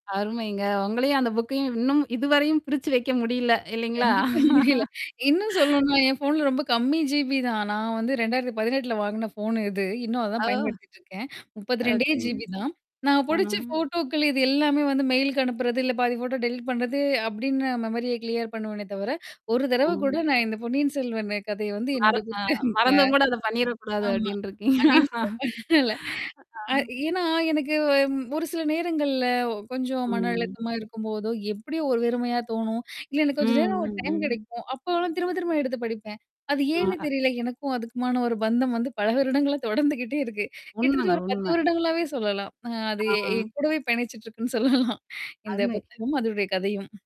அருமைங்க. உங்களையும் அந்த புக்கையும் இன்னும் இதுவரையும் பிரிச்சு வைக்க முடியல இல்லேங்களா? கண்டிப்பா தெரியல. இன்னும் சொல்லணுன்னா ஏன் ஃபோன்ல ரொம்ப கம்மி ஜிபி தான். நான் வந்து 2018ல வாங்கின ஃபோன்னு இது. இன்னும் அதான் அ. பயன்படுத்திட்டுருக்கேன். 32டே ஓகேங்க. ஜிபி தான். நான் ஆ. புடிச்ச ஃபோட்டோக்கள் இது எல்லாமே வந்து மெயிலுக்கு அனுப்புறது, இல்ல பாதி ஃபோட்டோ டெலீட் பண்றது அப்பிடின்ன மெமரிய கிளியர் பண்ணுவேனே தவிர, ஒரு தடவ கூட ஆ. நான் இந்த "பொன்னியன் செல்வன்" கதைய வந்து மர என்னுடைய அ புத்தக மறந்தும்கூட அத பண்ணிறக்கூடாது ஆமா. அப்பிடின்றிருக்கீங்க. [unintelligible] ஆ. அ ஏன்னா, எனக்கு ம் ஒரு சில நேரங்கள்ல கொஞ்சம் மன ம். அழுத்தமா இருக்கும்போதோ, எப்பிடியோ ஒரு வெறுமையா தோணும். இல்ல எனக்கு கொஞ்ச ம், நேரம் ஒரு ம். டைம் ம். கிடைக்கும். அப்போலாம் திரும்ப திரும்ப எடுத்து படிப்பேன். அது ஆ, ஏன்னு அ. தெரியல. எனக்கும் அதுக்குமான ஒரு பந்தம் வந்து பல வருடங்களா தொடர்ந்துக்கிட்டே இருக்கு. கிட்டத்தட்ட உண்மங்க, ஒரு 10 உண்மை. வருடங்களாவே சொல்லலாம். அ அது எ ஆ. என் கூடவே பயணிச்சுட்டு இருக்குன்னு சொல்லலாம். இந்த அருமை. புத்தகமும், அதோடைய கதையும்.